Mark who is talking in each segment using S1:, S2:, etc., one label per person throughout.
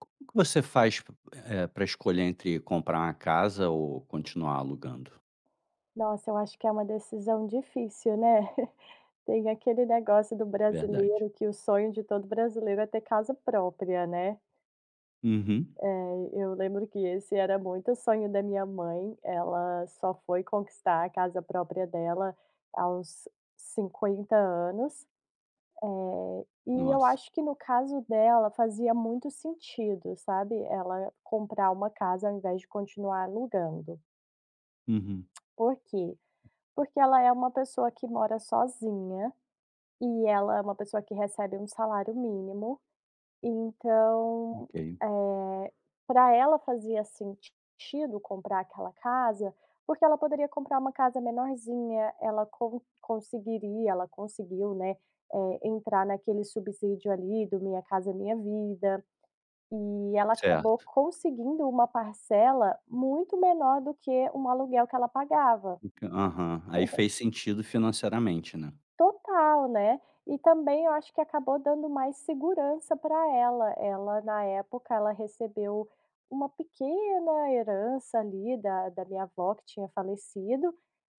S1: Como que você faz p eh, pra escolher entre comprar uma casa ou continuar alugando?
S2: Nossa, eu acho que é uma decisão difícil, né. Tem aquele negócio do
S1: Verdade.
S2: brasileiro, que o sonho de todo brasileiro é ter casa própria, né.
S1: Uhum.
S2: Eh, eu lembro que esse era muito o sonho da minha mãe, ela só foi conquistar a casa própria dela aos 50 anos. Eh, e eu
S1: Nossa.
S2: acho que no caso dela, fazia muito sentido, sabe, ela comprar uma casa ao invés de continuar alugando.
S1: Uhum.
S2: Por quê? Porque ela é uma pessoa que mora sozinha, e ela é uma pessoa que recebe 1 salário mínimo, então,
S1: Ok.
S2: eh, pra ela fazia sentido comprar aquela casa, porque ela poderia comprar uma casa menorzinha, ela con conseguiria ela conseguiu, né, eh, entrar naquele subsídio ali do Minha Casa Minha Vida. E ela acabou
S1: Certo.
S2: conseguindo uma parcela muito menor do que um aluguel que ela pagava.
S1: O q aham, aí fez sentido financeiramente, né.
S2: Total, né. E também eu acho que acabou dando mais segurança pra ela. Ela, na época, ela recebeu uma pequena herança ali, da da minha avó que tinha falecido,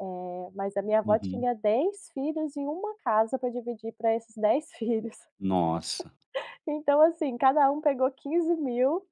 S2: eh, mas a minha avó
S1: Uhum.
S2: tinha 10 filhos e 1 casa pra dividir pra esses 10 filhos.
S1: Nossa.
S2: Então, assim, cada um pegou R$15.000,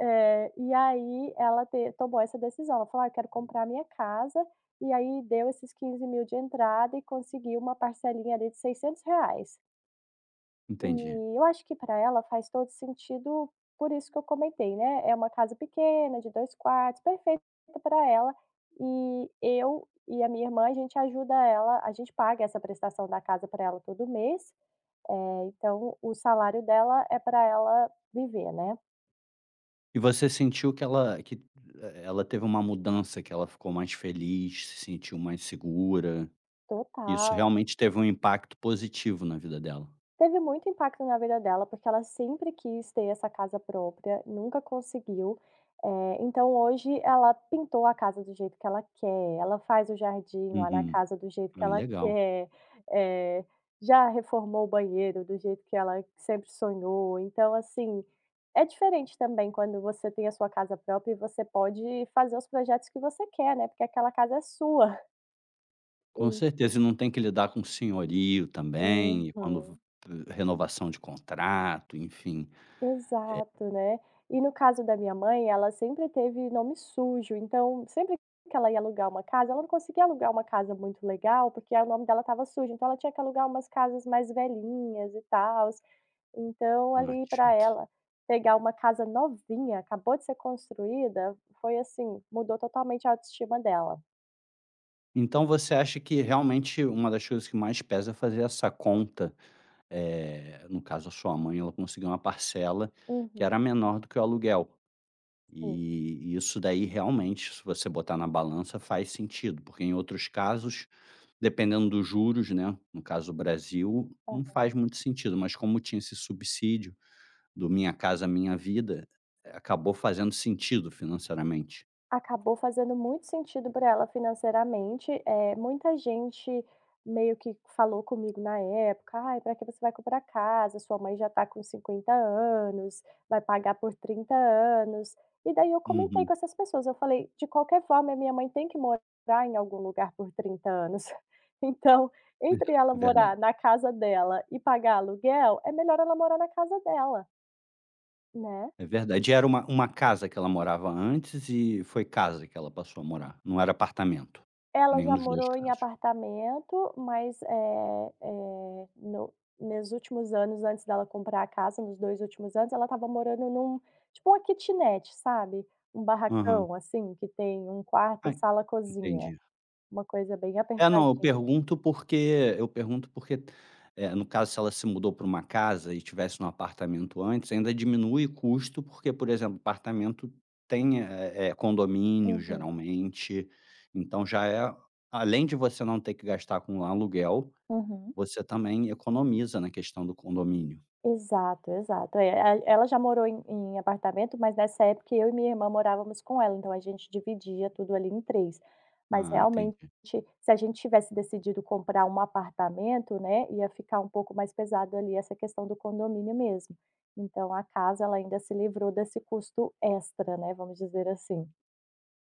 S2: eh, e aí ela te tomou essa decisão, ela falou: "Ah, quero comprar minha casa", e aí deu esses R$15.000 de entrada e conseguiu uma parcelinha ali de R$600.
S1: Entendi.
S2: E eu acho que pra ela faz todo sentido, por isso que eu comentei, né, é uma casa pequena, de 2 quartos, perfeita para ela. E eu e a minha irmã, a gente ajuda ela, a gente paga essa prestação da casa pra ela todo mês, eh, então o salário dela é pra ela viver, né.
S1: E você sentiu que ela que e ela teve uma mudança, que ela ficou mais feliz, se sentiu mais segura? Isso
S2: Total.
S1: realmente teve um impacto positivo na vida dela?
S2: Teve muito impacto na vida dela, porque ela sempre quis ter essa casa própria, nunca conseguiu, eh, então hoje ela pintou a casa do jeito que ela quer, ela faz o jardim lá na
S1: Uhum.
S2: casa do jeito que
S1: Ah,
S2: ela
S1: legal.
S2: quer, eh, já reformou o banheiro do jeito que ela sempre sonhou. Então, assim, é diferente também quando você tem a sua casa própria e você pode fazer os projetos que você quer, né, porque aquela casa é sua.
S1: Com
S2: Hum.
S1: certeza e não tem que lidar com senhorio também e quando ve
S2: Aham.
S1: eh, renovação de contrato, enfim, eh
S2: Exato, né. E no caso da minha mãe, ela sempre teve nome sujo, então, sempre que ela ia alugar uma casa, ela não conseguia alugar uma casa muito legal, porque aí o nome dela estava sujo. Então ela tinha que alugar umas casas mais velhinhas e tals, então
S1: Ah,
S2: ali
S1: que
S2: pra
S1: chato.
S2: ela pegar uma casa novinha, acabou de ser construída, foi, assim mudou totalmente a autoestima dela.
S1: Então você acha que realmente uma das coisas que mais pesa é fazer essa conta. Eh, no caso a sua mãe ela conseguiu uma parcela que
S2: Uhum.
S1: era menor do que o aluguel.
S2: Sim.
S1: E e isso daí realmente se você botar na balança faz sentido porque em outros casos, dependendo dos juros, né no caso, o Brasil não
S2: Aham.
S1: faz muito sentido, mas como tinha esse subsídio do Minha Casa Minha Vida, eh, acabou fazendo sentido financeiramente.
S2: Acabou fazendo muito sentido para ela financeiramente, eh, muita gente meio que falou comigo na época: "Ai, para que você vai comprar casa, sua mãe já tá com 50 anos, vai pagar por 30 anos. E daí eu comentei
S1: Uhum.
S2: com essas pessoas eu falei: "De qualquer forma, a minha mãe tem que morar em algum lugar por 30 anos. Então
S1: É,
S2: entre ela
S1: verdade.
S2: morar na casa dela e pagar aluguel é melhor ela morar na casa dela né.
S1: É verdade. E era uma uma casa que ela morava antes e foi casa que ela passou a morar, não era apartamento,
S2: Ela
S1: nenhum
S2: já
S1: dos 2
S2: morou em
S1: casos?
S2: apartamento, mas, eh eh, no nos últimos anos antes dela comprar a casa, nos 2 últimos anos, ela estava morando em um, tipo, uma quitinete sabe, um
S1: Aham.
S2: barracão, assim, que tem um quarto,
S1: Ah,
S2: sala, cozinha,
S1: entendi.
S2: uma coisa bem
S1: É, não, eu
S2: apertadinha.
S1: pergunto, porque eu pergunto, porque, eh, no caso, se ela se mudou pra uma casa e tivesse num apartamento antes ainda diminui o custo, porque, por exemplo, apartamento tem, eh eh, condomínio
S2: Uhum.
S1: geralmente. Então já é além de você não ter que gastar com aluguel,
S2: Uhum.
S1: você também economiza na questão do condomínio.
S2: Exato, exato. É, e ela já morou em em apartamento, mas, nessa época, eu e minha irmã morávamos com ela, então a gente dividia tudo ali em 3, mas
S1: Ah,
S2: realmente
S1: entendi.
S2: se a gente tivesse decidido comprar um apartamento, né, ia ficar um pouco mais pesado ali essa questão do condomínio mesmo. Então a casa ela ainda se livrou desse custo extra, né, vamos dizer assim.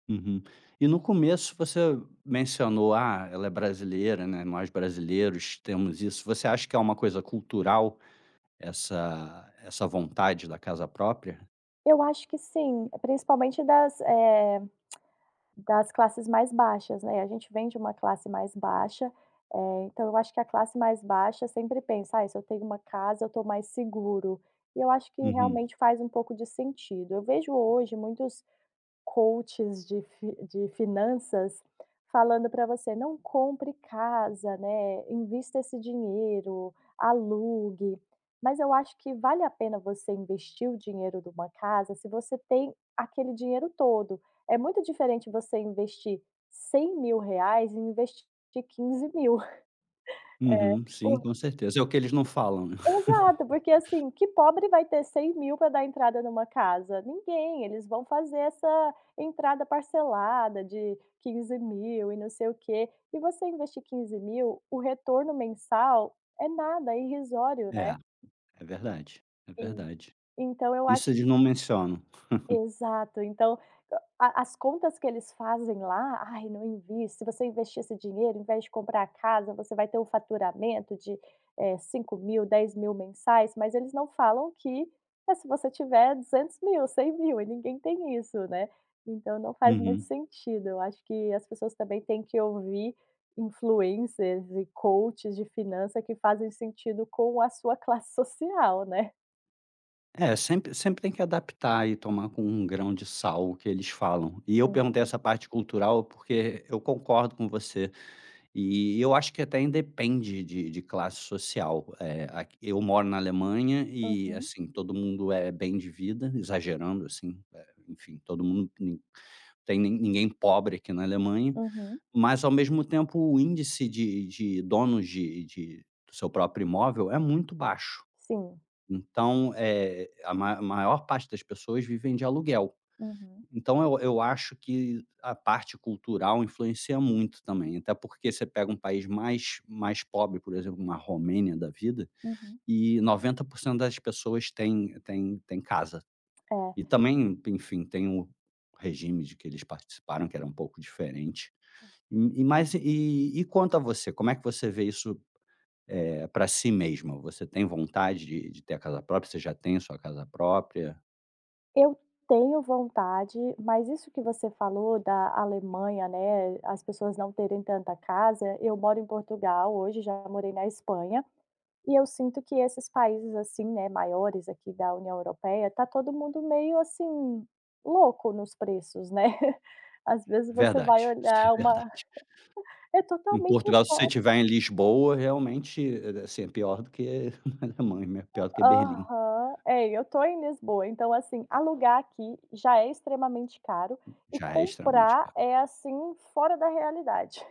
S1: Uhum. E no começo você mencionou: "Ah, ela é brasileira", né, "nós brasileiros temos isso". Você acha que é uma coisa cultural essa essa vontade da casa própria?
S2: Eu acho que sim, eh, principalmente das, eh, das classes mais baixas, né, e a gente vem de uma classe mais baixa, eh, então eu acho que a classe mais baixa sempre pensa: "Ai, se eu tenho uma casa eu tô mais seguro", e eu acho que
S1: Uhum.
S2: realmente faz um pouco de sentido. Eu vejo hoje muitos coaches de fi de finanças falando pra você: "Não compre casa", né, "invista esse dinheiro, alugue", mas eu acho que vale a pena você investir o dinheiro de uma casa se você tem aquele dinheiro todo. É muito diferente você investir R$100.000 e investir de 15.000. É,
S1: Uhum, sim,
S2: o
S1: com certeza. É o que eles não falam.
S2: Exato, porque assim, que pobre vai ter 100.000 pra dar entrada numa casa? Ninguém, eles vão fazer essa entrada parcelada de 15.000, e não sei o quê. E você investir 15.000,, o retorno mensal é nada, irrisório, né.
S1: É, é verdade, é
S2: Sim.
S1: verdade.
S2: Então eu
S1: Isso
S2: acho
S1: eles não mencionam.
S2: Exato. Então a as contas que eles fazem lá: "Ai, não envie, se você investir esse dinheiro em vez de comprar a casa, você vai ter o faturamento de, eh, de 5.000, 10.000 mensais", mas eles não falam que mas se você tiver 200.000, 100.000, e ninguém tem isso, né, então não faz muito
S1: Uhum.
S2: sentido. Eu acho que as pessoas também têm que ouvir influencers e coaches de finança que fazem sentido com a sua classe social, né.
S1: É, sempre sempre tem que adaptar e tomar com um grão de sal o que eles falam. E eu perguntei
S2: Uhum.
S1: essa parte cultural, porque eu concordo com você e eu acho que até independe de de classe social. Eh, aqui eu moro na Alemanha e,
S2: Uhum.
S1: assim, todo mundo é bem de vida, exagerando, assim, eh, enfim, todo mundo, ni não tem ni ninguém pobre aqui na Alemanha,
S2: Uhum.
S1: mas, ao mesmo tempo, o índice de de donos de de seu próprio imóvel é muito baixo,
S2: Sim.
S1: então, eh, a ma maior parte das pessoas vivem de aluguel.
S2: Uhum.
S1: Então eu eu acho que a parte cultural influencia muito também, até porque você pega um país mais mais pobre, por exemplo, uma Romênia da vida,
S2: Uhum.
S1: e 90% das pessoas têm têm têm casa e
S2: É.
S1: também, enfim, tem o regime de que eles participaram que era um pouco diferente.
S2: É.
S1: E e mas e e quanto a você. Como é que você vê isso, eh, pra si mesma? Você tem vontade de de ter a casa própria? Você já tem a sua casa própria?
S2: Eu tenho vontade, mas isso que você falou da Alemanha, né, as pessoas não terem tanta casa, eu moro em Portugal hoje, já morei na Espanha e eu sinto que esses países, assim, né, maiores aqui da União Europeia, tá todo mundo meio, assim, louco nos preços, né. Às vezes você vai
S1: Verdade, isso
S2: olhar
S1: é
S2: uma
S1: verdade.
S2: é
S1: Em
S2: totalmente
S1: Portugal, se você
S2: fo
S1: estiver em Lisboa, realmente, é, assim, é pior do que a Alemanha, é pior do que Berlim.
S2: Aham. É, e eu tô em Lisboa, então, assim, alugar aqui já é extremamente caro e
S1: Já é extremamente
S2: comprar
S1: caro.
S2: é, assim, fora da realidade.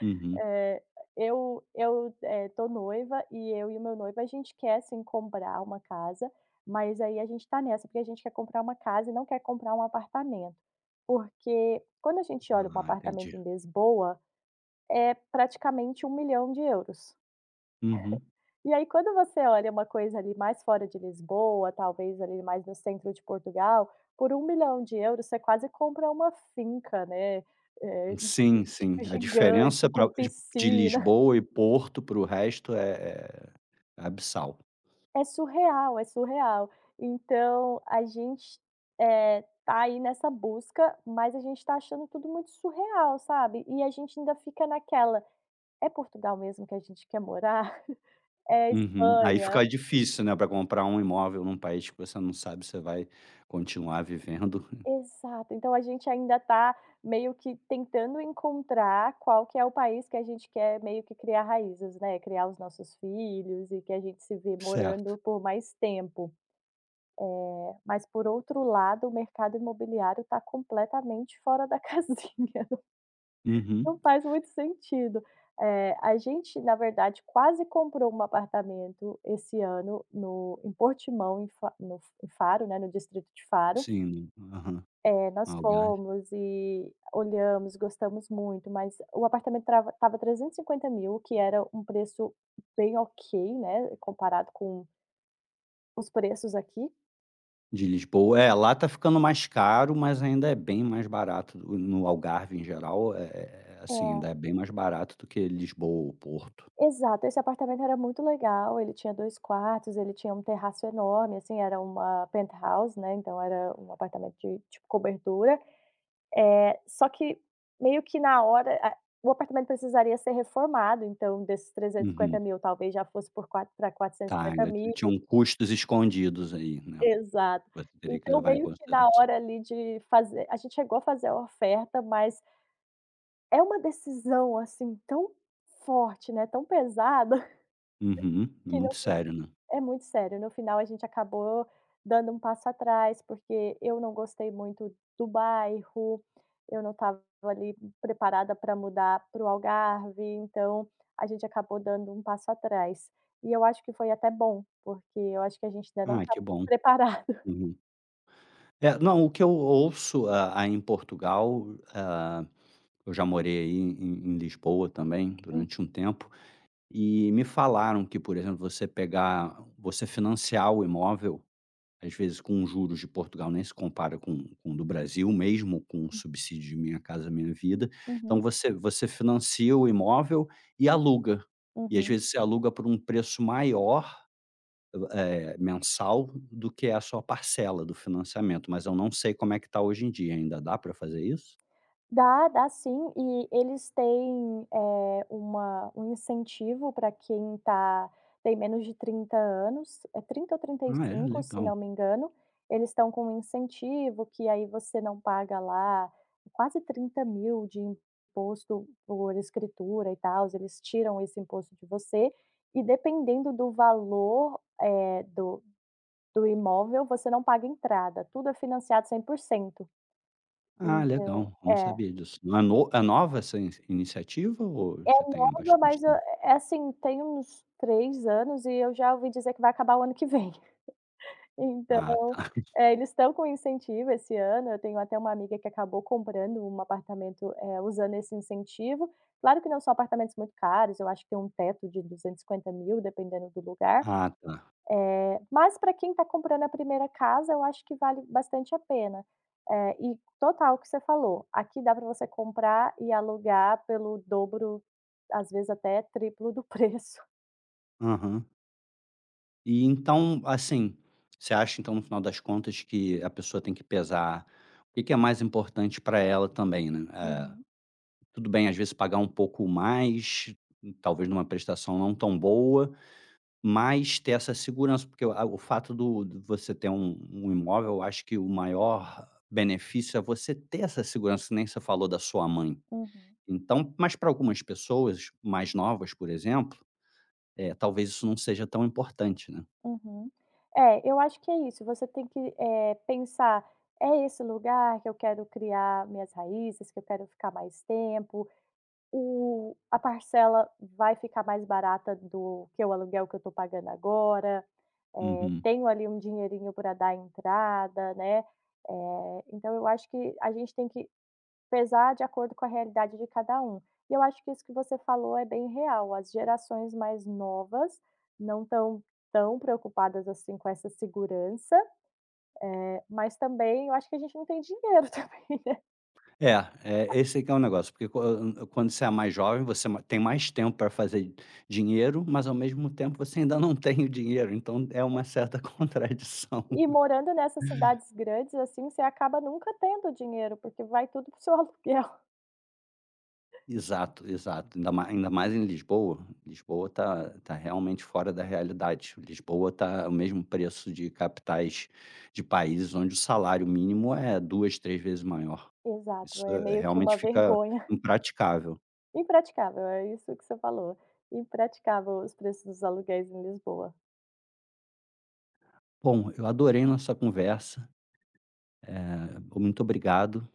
S1: Uhum.
S2: Eh, eu eu, eh, tô noiva, e eu e o meu noivo, a gente quer sim comprar uma casa, mas aí a gente tá nessa, porque a gente quer comprar uma casa e não quer comprar um apartamento. Porque quando a gente olha um
S1: Ah,
S2: apartamento
S1: entendi.
S2: em Lisboa, é praticamente €1.000.000,00.
S1: Uhum.
S2: E aí quando você olha uma coisa ali mais fora de Lisboa, talvez ali mais no centro de Portugal, por €1.000.000,00, você quase compra uma finca, né, eh,
S1: Sim, sim.
S2: tipo,
S1: A
S2: gigante
S1: diferença pra
S2: com
S1: de de
S2: piscina.
S1: Lisboa e Porto para o resto é é é abissal.
S2: É surreal, é surreal. Então a gente, eh, tá aí nessa busca, mas a gente tá achando tudo muito surreal, sabe. E a gente ainda fica naquela: é Portugal mesmo que a gente quer morar? É
S1: Uhum. Aí
S2: Espanha?
S1: fica difícil, né, pra comprar um imóvel num país que você não sabe se você vai continuar vivendo.
S2: Exato. Então a gente ainda tá meio que tentando encontrar qual que é o país que a gente quer meio que criar raízes, né, criar os nossos filhos, e que a gente se vê
S1: Certo.
S2: morando por mais tempo. Eh, mas por outro lado, o mercado imobiliário tá completamente fora da casinha, não
S1: Uhum.
S2: faz muito sentido. Eh, a gente na verdade quase comprou um apartamento esse ano no em Portimão, em Fa no em Faro, né, no distrito de Faro.
S1: Sim, aham,
S2: Eh, nós
S1: Algarve.
S2: fomos e olhamos, gostamos muito, mas o apartamento trava estava €350.000, que era um preço bem ok, né, comparado com os preços aqui.
S1: De Lisboa, é, lá tá ficando mais caro, mas ainda é bem mais barato no no Algarve em geral, eh eh eh, assim, ainda
S2: É.
S1: é bem mais barato do que Lisboa ou Porto.
S2: Exato, esse apartamento era muito legal ele tinha 2 quartos, ele tinha um terraço enorme, assim, era uma penthouse, né, então era um apartamento de de cobertura, eh, só que meio que na hora, ah, o apartamento precisaria ser reformado, então desses trezentos e cinquenta
S1: Uhum.
S2: mil talvez, já fosse por quatr pra quatrocentos e
S1: Tá,
S2: cinquenta
S1: ainda
S2: mil.
S1: tinham custos escondidos, aí, né,
S2: Exato,
S1: você teria que
S2: então
S1: levar em
S2: meio que na
S1: consideração.
S2: hora, ali, de fazer a gente chegou a fazer a oferta mas é uma decisão, assim, tão forte, né, tão pesada,
S1: Uhum.
S2: que no
S1: Muito
S2: fi
S1: sério, né.
S2: é muito sério, no final a gente acabou dando um passo atrás, porque eu não gostei muito do bairro, eu não estava, ali, preparada pra mudar para o Algarve, então a gente acabou dando um passo atrás e eu acho que foi até bom, porque eu acho que a gente ainda não
S1: Ai
S2: tá
S1: que bom.
S2: preparado.
S1: Uhum. É, não, o que eu ouço a a em Portugal, hã, eu já morei, aí, em em Lisboa também
S2: Hum.
S1: durante um tempo e me falaram que, por exemplo, você pegar você financiar o imóvel, às vezes, com os juros de Portugal, nem se compara com com o do Brasil, mesmo com o
S2: Hum.
S1: subsídio de Minha Casa Minha Vida,
S2: Uhum.
S1: então você você financia o imóvel e aluga e, às
S2: Uhum.
S1: vezes, você aluga por um preço maior, eh, mensal do que a a sua parcela do financiamento, mas eu não sei como é que tá hoje em dia, ainda dá pra fazer isso?
S2: Dá, dá sim, e eles têm, eh, uma um incentivo para quem tá tem menos de 30 anos, é 30 ou trinta e
S1: Ah, é
S2: cinco, se
S1: legal!
S2: não me engano, eles estão com um incentivo que, aí, você não paga lá quase 30.000 de imposto por escritura e tals, eles tiram esse imposto de você e dependendo do valor, eh, do do imóvel você não paga entrada, tudo é financiado 100%,
S1: Ah, legal,
S2: então
S1: eu não
S2: é.
S1: sabia disso, é no é nova essa inici iniciativa ou
S2: É
S1: já tem a
S2: nova,
S1: bastante
S2: mas é
S1: tempo?
S2: é, assim, tem uns 3 anos e eu já ouvi dizer que vai acabar o ano que vem,
S1: Ah, tá.
S2: então, é, eles estão com incentivo esse ano, eu tenho até uma amiga que acabou comprando um apartamento, eh usando esse incentivo, claro que não só apartamentos muito caros, eu acho que tem um teto de 250.000 dependendo do lugar,
S1: Ah tá.
S2: eh, mas pra quem tá comprando a 1ª casa eu acho que vale bastante a pena, eh, e total o que você falou, aqui dá para você comprar e alugar pelo dobro, às vezes, até triplo do preço.
S1: Uhum. E, então assim, você acha, então, no final das contas que a pessoa tem que pesar o que que é mais importante pra ela também, né? Eh,
S2: Uhum.
S1: tudo bem, às vezes, pagar um pouco mais, talvez numa prestação não tão boa, mas ter essa segurança, porque, eh, o fato do você ter um um imóvel eu acho que o maior benefício é você ter essa segurança, que nem você falou da sua mãe,
S2: Uhum.
S1: então mas pra algumas pessoas mais novas, por exemplo, eh, talvez isso não seja tão importante, né.
S2: Uhum. É, eu acho que é isso, você tem que, eh, pensar "É esse lugar que eu quero criar minhas raízes, que eu quero ficar mais tempo? O a parcela vai ficar mais barata do que o aluguel que eu tô pagando agora? Eh,
S1: Uhum.
S2: tenho, ali, um dinheirinho pra dar entrada", né, eh, então eu acho que a gente tem que pesar de acordo com a realidade de cada um e eu acho que isso que você falou é bem real, as gerações mais novas não estão tão preocupadas assim com essa segurança, eh, mas também, eu acho que a gente não tem dinheiro também, né.
S1: É, é, esse que é negócio, porque quan quando você é mais jovem, você ma tem mais tempo pra fazer dinheiro, mas ao mesmo tempo, você ainda não tem o dinheiro, então é
S2: É.
S1: uma certa contradição.
S2: E morando nessas cidades grandes, assim, você acaba nunca tendo dinheiro, porque vai tudo para o seu aluguel.
S1: Exato, exato, ainda mais ainda mais em Lisboa, Lisboa tá tá realmente fora da realidade, Lisboa tá o mesmo preço de capitais de países onde o salário mínimo é 2, 3 vezes maior,
S2: Exato,
S1: isso,
S2: é
S1: eh,
S2: meio que
S1: realmente,
S2: uma
S1: fica
S2: vergonha.
S1: impraticável.
S2: Impraticável, é isso que você falou, impraticável os preços dos aluguéis em Lisboa.
S1: Bom, eu adorei nossa conversa, eh, muito obrigado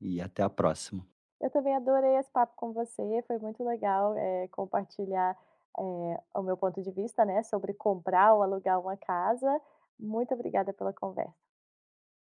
S1: e até a próxima.
S2: Eu também adorei esse papo com você foi muito legal, eh, compartilhar, eh, o meu ponto de vista, né, sobre comprar ou alugar uma casa. Muito obrigada pela conversa.